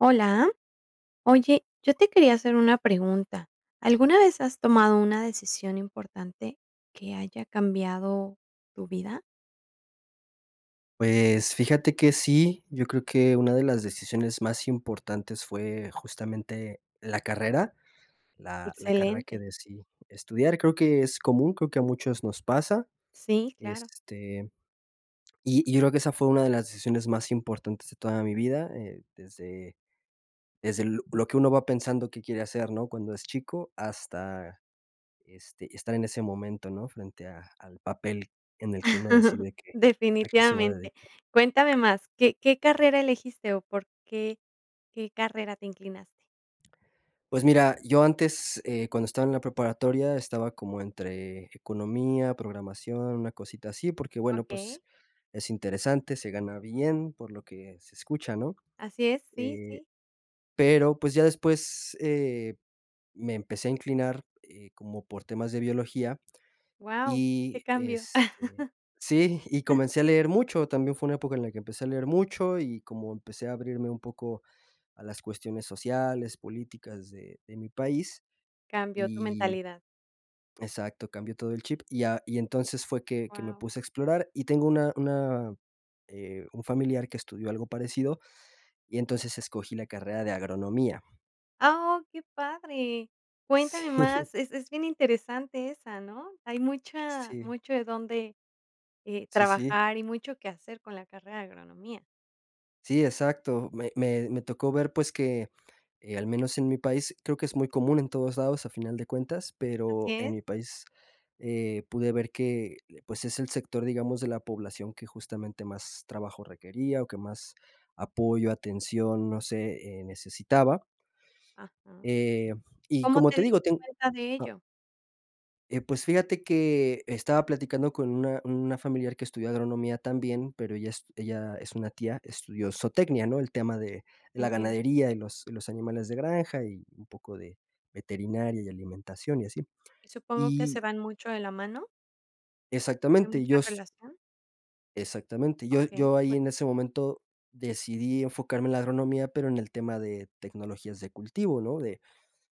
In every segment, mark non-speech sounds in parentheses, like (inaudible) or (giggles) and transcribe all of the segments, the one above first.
¿Hola? Oye, yo te quería hacer una pregunta, ¿alguna vez has tomado una decisión importante que haya cambiado tu vida? Pues, fíjate que sí, yo creo que una de las decisiones más importantes fue justamente la carrera, la la carrera que Excelente. decidí estudiar. Creo que es común, creo que a muchos nos pasa, Sí, claro. este, y y yo creo que esa fue una de las decisiones más importantes de toda mi vida, eh, desde desde l lo que uno va pensando qué quiere hacer, ¿no? Cuando es chico, hasta, este, estar en ese momento, ¿no? Frente a al papel en el que uno (chuckles) decide que a qué se va a Definitivamente. dedicar. Cuéntame más, ¿qué qué carrera elegiste, o, por qué qué carrera te inclinaste? Pues mira, yo antes, eh, cuando estaba en la preparatoria, estaba como entre economía, programación, una cosita así. Porque, bueno, pues, Okey. es interesante, se gana bien por lo que se escucha, ¿no? Así es. Sí, Eh, sí. pero, pues, ya después, eh, me empecé a inclinar, eh, como por temas de biología, Guau, qué y cambio. este sí, (giggles) (chuckles) y (giggles) comencé a leer mucho, también fue una época en la que empecé a leer mucho, y como empecé a abrirme un poco a las cuestiones sociales, políticas de de mi país, Cambió tu y mentalidad. exacto, cambió todo el chip, y a y entonces fue que que me Guau. puse a explorar. Y tengo una una eh, un familiar que estudió algo parecido, y entonces escogí la carrera de agronomía. Ah, oh, qué padre. Sí. Cuéntame (giggles) más, es es bien interesante esa, ¿no? Hay mucha Sí. mucho de dónde, eh, Sí, sí. trabajar y mucho que hacer con la carrera de agronomía. Sí, exacto. Me me me tocó ver, pues, que, eh, al menos en mi país creo que es muy común en todos lados a final de cuentas, pero Así en es. mi país, eh, pude ver que, pues, es el sector, digamos, de la población que justamente más trabajo requería o que más apoyo, atención, no sé, eh, necesitaba. Ajá. Eh, y ¿Cómo como te te diste digo ten cuenta de ah. ello? Eh, pues fíjate que estaba platicando con una una familiar que estudió agronomía también, pero ella es ella es una tía, estudió zootecnia, ¿no? El tema de la Entiendo. ganadería y los y los animales de granja y un poco de veterinaria y alimentación y así. ¿Y supongo que se Y van mucho de la mano? ¿Hay Exactamente, mucha yo s relación? Exactamente, yo Okey, yo ahí cuen en ese momento decidí enfocarme en la agronomía, pero en el tema de tecnologías de cultivo, ¿no? De,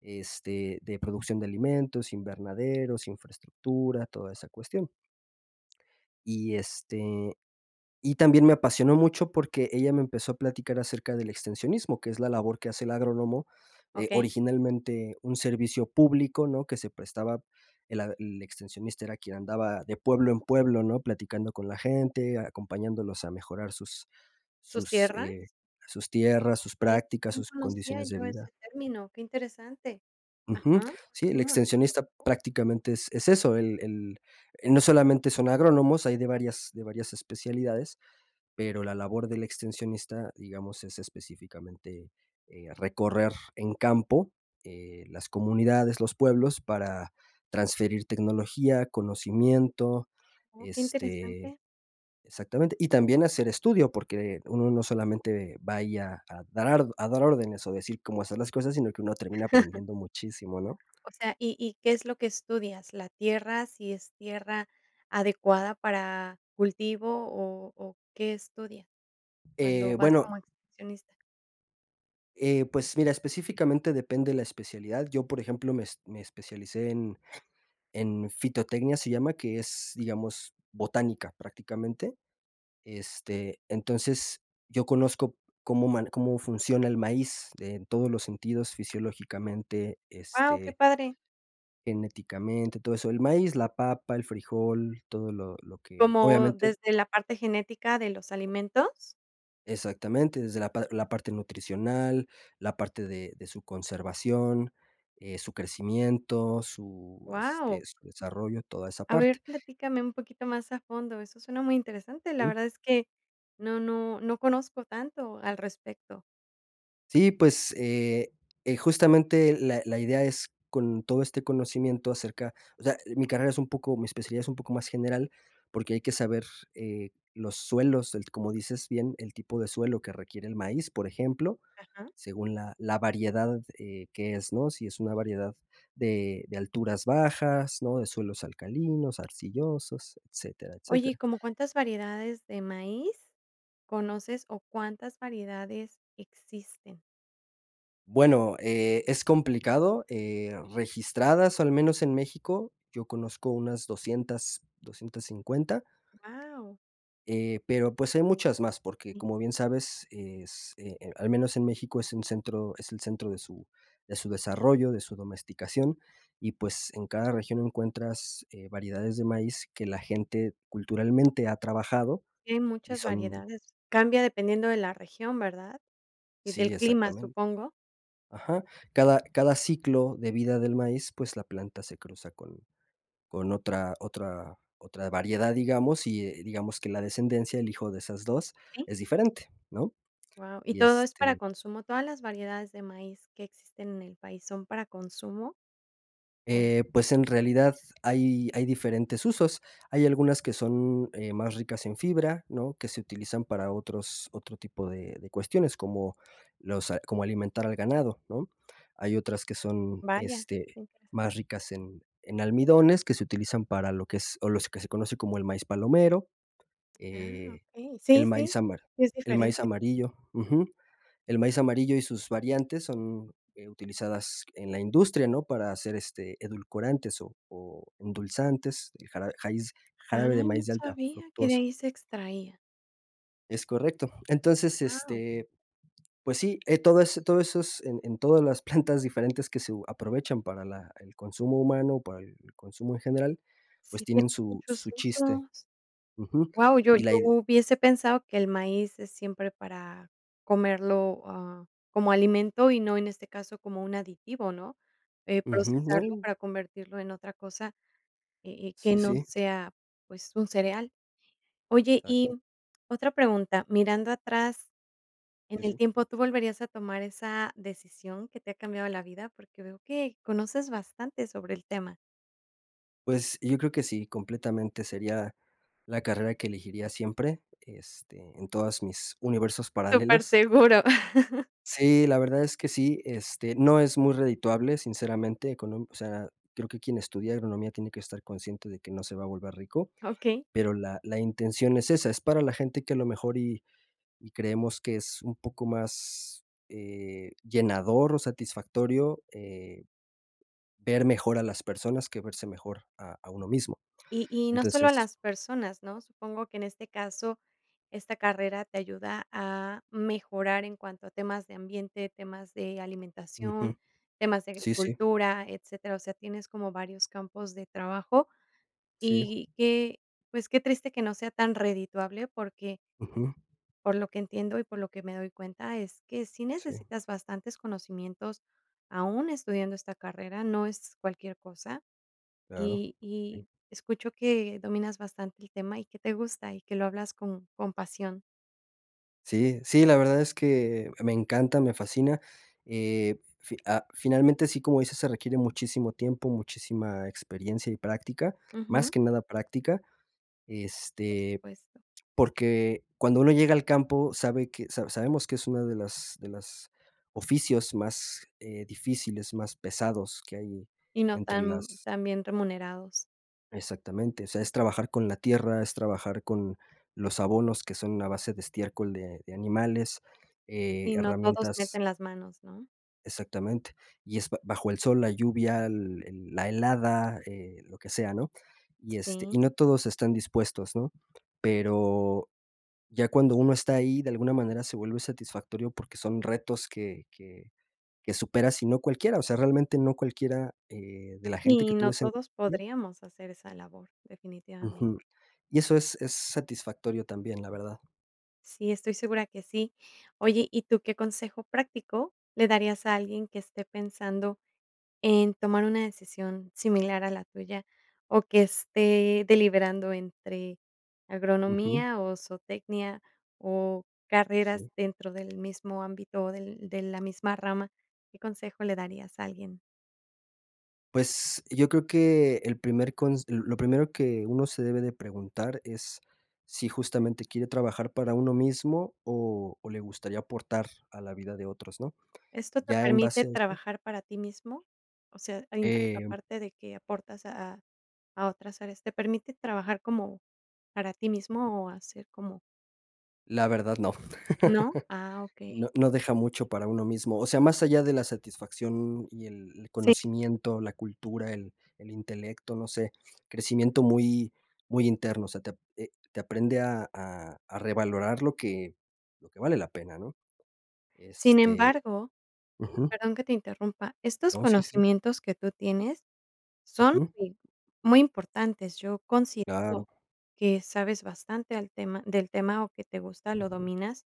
este, de producción de alimentos, invernaderos, infraestructura, toda esa cuestión. Y, este, y también me apasionó mucho porque ella me empezó a platicar acerca del extensionismo, que es la labor que hace el agrónomo, eh, Okey. originalmente un servicio público, ¿no? Que se prestaba el a el extensionista era quien andaba de pueblo en pueblo, ¿no? Platicando con la gente, acompañándolos a mejorar sus ¿Sus sus, tierras? eh, sus tierras, sus Sí, prácticas, no sus conocía condiciones de yo vida. ese término, que interesante. Ujú. Ajá. Sí, el Continúa. extensionista prácticamente es es eso, el el no solamente son agrónomos, hay de varias de varias especialidades. Pero la labor del extensionista, digamos, es específicamente, eh, recorrer en campo, eh, las comunidades, los pueblos, para transferir tecnología, conocimiento, Oh, qué este interesante. exactamente. Y también hacer estudio, porque uno no solamente va ahí a darar a dar órdenes o decir cómo hacer las cosas, sino que uno termina aprendiendo muchísimo, ¿no? (chuckles) O sea y y ¿qué es lo que estudias? ¿La tierra si es tierra adecuada para cultivo o o, qué estudias cuando Eh, vas bueno como excursionista? Eh, pues, mira, específicamente depende la especialidad. Yo, por ejemplo, me es me especialicé en en fitotecnia, se llama, que es, digamos, botánica, prácticamente. Este, entonces, yo conozco cómo man cómo funciona el maíz en todos los sentidos fisiológicamente, Guau, qué este, padre. genéticamente, todo eso. El maíz, la papa, el frijol, todo lo lo que, ¿Cómo obviamente desde la parte genética de los alimentos? Exactamente, desde la par la parte nutricional, la parte de de su conservación, eh, su crecimiento, su, este, Guau. su desarrollo, toda esa A parte. ver, platícame un poquito más a fondo. Eso suena muy interesante. La Ujú. verdad es que no no no conozco tanto al respecto. Sí, pues, eh eh, justamente la la idea es con todo este conocimiento acerca o sea, mi carrera es un poco mi especialidad es un poco más general, porque hay que saber, eh, los suelos, el, como dices bien, el tipo de suelo que requiere el maíz, por ejemplo, Ajá. según la la variedad, eh, que es, ¿no? Si es una variedad de de alturas bajas, ¿no? De suelos alcalinos, arcillosos, etcétera, Oye, ¿y etcétera. como cuántas variedades de maíz conoces o cuántas variedades existen? Bueno, eh, es complicado, eh, registradas, o al menos en México, yo conozco unas 200, 250. ¡Guau! Eh, pero, pues, hay muchas más porque como bien sabes, es, eh eh, al menos en México es un centro es el centro de su de su desarrollo, de su domesticación, y, pues, en cada región encuentras, eh, variedades de maíz que la gente culturalmente ha trabajado Sí, hay y muchas son variedades. Cambia dependiendo de la región, ¿verdad? Y Sí, del clima, exactamen supongo. ajá. Cada cada ciclo de vida del maíz, pues, la planta se cruza con con otra otra otra variedad, digamos, y, eh, digamos que la descendencia, el hijo de esas 2, ¿Sí? es diferente, ¿no? Guau, ¿y Y, todo es para este consumo? ¿Todas las variedades de maíz que existen en el país son para consumo? O Eh, pues, en realidad hay hay diferentes usos. Hay algunas que son, eh, más ricas en fibra, ¿no? Que se utilizan para otros otro tipo de de cuestiones, como los, ah, como alimentar al ganado, ¿no? Hay otras que son, Vaya, este, qué interesante. más ricas en en almidones, que se utilizan para lo que es o los que se conoce como el maíz palomero, Ah, eh, okey. el Sí, maíz sí, ambar, es el maíz diferente. amarillo, ujú. El maíz amarillo y sus variantes son, eh, utilizadas en la industria, ¿no? Para hacer, este, edulcorantes o o endulzantes, el jarabe jaiz Ay, jarabe de no maíz de alta sabía que de fructuosa. ahí se extraía. Es correcto. Entonces, Guau. este, pues sí, eh, todas todos esos, en en, todas las plantas diferentes que se u aprovechan para la el consumo humano, para el consumo en general, pues, Sí, tiene tienen su muchos su chiste. usos. Ujú. Guau, yo yo Y la ide hubiese pensado que el maíz es siempre para comerlo, ah, como alimento y no en este caso como un aditivo, ¿no? Eh, Ujú, procesarlo no. para convertirlo en otra cosa, eh eh, que Sí, no sí. sea, pues, un cereal. Oye, y, Exacto. mm, otra pregunta, mirando atrás en Sí, el sí. tiempo, ¿tú volverías a tomar esa decisión que te ha cambiado la vida? Porque veo que conoces bastante sobre el tema. Pues, yo creo que sí. Completamente, sería la carrera que elegiría siempre, este, en todas mis universos paralelos. Superseguro. (chuckles) Sí, la verdad es que sí. Este, no es muy redituable, sinceramente, con un o sea, creo que quien estudia agronomía tiene que estar consciente de que no se va a volver rico. Ah, okey. Pero la la intención es esa. Es para la gente que, a lo mejor, y y creemos que es un poco más, eh, llenador o satisfactorio, eh, ver mejor a las personas que verse mejor a a uno mismo. Y y no solo a Entonces las personas, ¿no? Supongo que, en este caso, esta carrera te ayuda a mejorar en cuanto a temas de ambiente, temas de alimentación, Ujú. temas de Sí, sí. agricultura, etcétera. O sea, tienes como varios campos de trabajo. Sí. Y que, pues, qué triste que no sea tan redituable, porque Ujú. por lo que entiendo y por lo que me doy cuenta, es que sí Sí. necesitas bastantes conocimientos, aún estudiando esta carrera, no es cualquier cosa, Claro. y Sí. y escucho que dominas bastante el tema, y que te gusta, y que lo hablas con con pasión. Sí, sí, la verdad es que me encanta, me fascina. Eh, f fi ah, finalmente, sí, como dices, se requiere muchísimo tiempo, muchísima experiencia y práctica, más Ujú. que nada práctica. Por Este, supuesto. porque cuando uno llega al campo, sabe que sa sabemos que es una de las de las oficios más, eh, difíciles, más pesados que hay Y no entre tan las tan bien remunerados. Exactamente. O sea, es trabajar con la tierra, es trabajar con los abonos que son a base de estiércol de de animales, eh, Y no todos herramientas meten las manos, ¿no? Exactamente. Y es ba bajo el sol, la lluvia, l el la helada, eh, lo que sea, ¿no? Y, este, y Sí. no todos están dispuestos, ¿no? Pero ya cuando uno está ahí, de alguna manera, se vuelve satisfactorio, porque son retos que que que supera sí, no cualquiera, o sea, realmente, no cualquiera, eh, de la gente que Y tú no ves en todos (unintelligible) podríamos hacer esa labor. Definitivamente. Ujú. Y eso es es satisfactorio también, la verdad. Sí, estoy segura que sí. Oye, ¿y tú qué consejo práctico le darías a alguien que esté pensando en tomar una decisión similar a la tuya, o, que esté deliberando entre Ujú. agronomía, o, zootecnia, o, carreras Sí. dentro del mismo ámbito, o, del de la misma rama? ¿Qué consejo le darías a alguien? Pues, yo creo que, el primer cons lo primero que uno se debe de preguntar es si justamente quiere trabajar para uno mismo, o o, le gustaría aportar a la vida de otros, ¿no? ¿Esto te Ya en permite base a eso trabajar para ti mismo? O sea a (unintelligible) a Em parte de que aportas a a a otras áreas. ¿Te permite trabajar como para ti mismo, o, hacer como La verdad no. ¿No? Ah, (chuckles) No okey. no deja mucho para uno mismo. O sea, más allá de la satisfacción, y el Sí. conocimiento, la cultura, el el intelecto, no sé, crecimiento muy muy interno, o sea, te eh, te aprende a a a revalorar lo que lo que vale la pena, ¿no? Sin Este, embargo, ujú perdón que te interrumpa, estos No, sí, sí, sí. conocimientos que tú tienes son, Ujú. eh, muy importantes. Yo considero Claro. que sabes bastante al tema del tema, o, que te gusta, lo Ujú. dominas,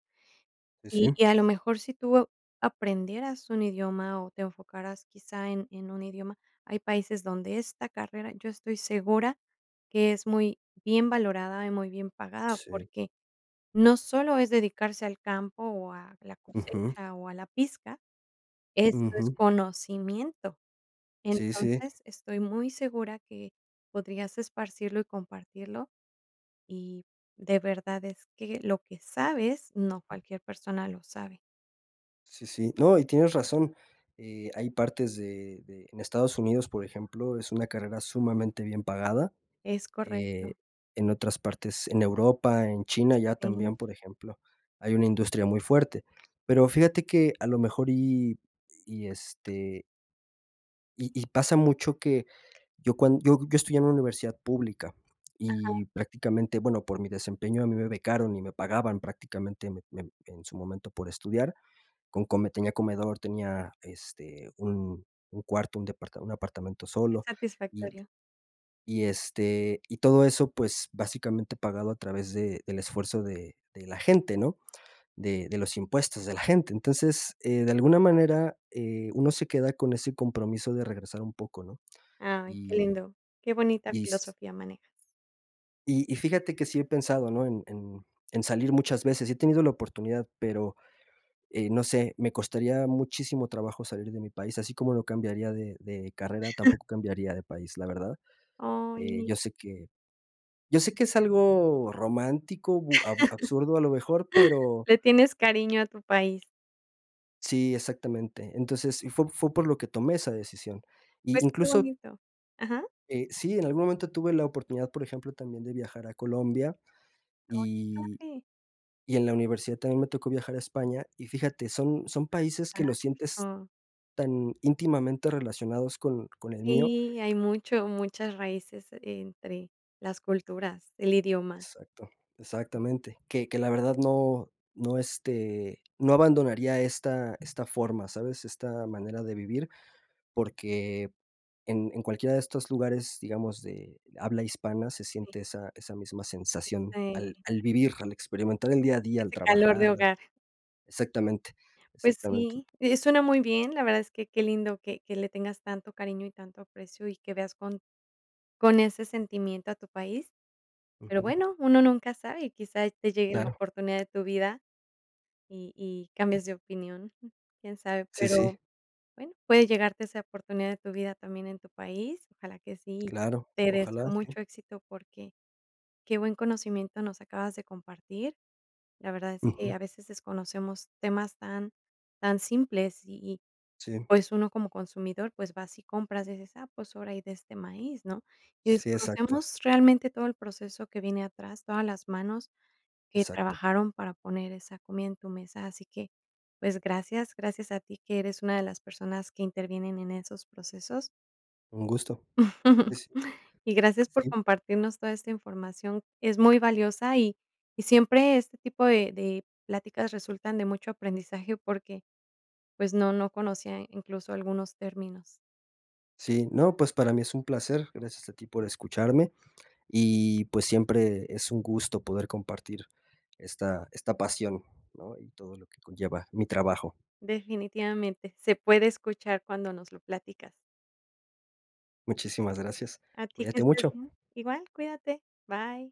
Eh, y sí. y a lo mejor si tú aprendieras un idioma, o, te enfocaras quizá en en un idioma, hay países donde esta carrera yo estoy segura que es muy bien valorada y muy bien pagada. Sí. Porque no solo es dedicarse al campo, o, a la Ujú. cosecha, o, a la pizca, esto es Ujú. conocimiento. Sí, sí. Entonces, estoy muy segura que podrías esparcirlo y compartirlo, y de verdad es que lo que sabes, no cualquier persona lo sabe. Sí, sí. No, y tienes razón, eh, hay partes de de en Estados Unidos, por ejemplo, es una carrera sumamente bien pagada, Es eh, correcto. en otras partes en Europa, en China ya Sí. también, por ejemplo, hay una industria muy fuerte, pero fíjate que a lo mejor, y y este Y y pasa mucho que, yo cuan yo yo estudié en una universidad pública, Ajá. y prácticamente, bueno, por mi desempeño a mí me becaron y me pagaban prácticamente me me en su momento por estudiar. Con come tenía comedor, tenía, este, un un cuarto, un depart un apartamento Qué solo. Y satisfactorio. y, este, y todo eso, pues, básicamente pagado a través de del esfuerzo de de la gente, ¿no?, De de los impuestos de la gente, entonces, eh, de alguna manera, eh, uno se queda con ese compromiso de regresar un poco, ¿no? Ay, qué Y lindo. Qué bonita y s filosofía manejas. Y y fíjate que sí he pensado, ¿no?, en en en salir muchas veces, y he tenido la oportunidad, pero, eh, no sé, me costaría muchísimo trabajo salir de mi país, así como no cambiaría de de carrera, (giggles) tampoco cambiaría de país, la verdad, eh, Ay. yo sé que yo sé que es algo romántico, bu ab absurdo, a lo mejor, (chuckles) pero Le tienes cariño a tu país. Sí, exactamente. Entonces, y fue fue por lo que tomé esa decisión. Y Pues qué incluso bonito. ¿Ajá? Eh, sí, en algún momento tuve la oportunidad, por ejemplo, también de viajar a Colombia. Ay, qué Y padre. y en la universidad también me tocó viajar a España, y fíjate, son son países que lo sientes Fantástico. tan íntimamente relacionados con con el mío. Sí, hay mucho muchas raíces entre las culturas, el idioma. Exacto. Exactamente, que que la verdad no no este, no abandonaría esta esta forma, ¿sabes?, esta manera de vivir, porque en en cualquiera de estos lugares, digamos, de habla hispana, se Sí. siente esa esa misma sensación Eh, al sí. al vivir, al experimentar el día a día, al Ese calor de trabajar hogar. exactamente. Pues Exactamente. sí, eh, suena muy bien, la verdad es que, qué lindo que que le tengas tanto cariño y tanto aprecio, y que veas con con ese sentimiento a tu país. Pero Ujú. bueno, uno nunca sabe y quizá te llegue la Claro. oportunidad de tu vida, y y cambias de opinión, jum, quién sabe. Sí, Pero sí. bueno, puede llegarte esa oportunidad de tu vida también en tu país, ojalá que sí. Claro. Te deseo Ojalá, sí. mucho éxito porque, qué buen conocimiento nos acabas de compartir, la verdad es que a Ujú. veces desconocemos temas tan tan simples. Y y, Sí. pues, uno como consumidor, pues, vas y compras, y dices: "Ah, pues ahora hay de este maíz, ¿no?" Y Sí, exacto. desconocemos realmente todo el proceso que viene atrás, todas las manos que Exacto. trabajaron para poner esa comida en tu mesa. Así que, pues, gracias. Gracias a ti que eres una de las personas que intervienen en esos procesos. Un gusto. (giggles) (unintelligible) Y gracias por Sí. compartirnos toda esta información. Es muy valiosa, y y siempre este tipo de de pláticas resultan de mucho aprendizaje porque, pues, no no conocía incluso algunos términos. Sí, no, pues, para mí es un placer. Gracias a ti por escucharme, y pues, siempre es un gusto poder compartir esta esta pasión, ¿no? Y todo lo que conlleva mi trabajo. Definitivamente, se puede escuchar cuando nos lo platicas. Muchísimas gracias. A ti que Cuídate estés mucho. bien. Igual cuídate. Bye.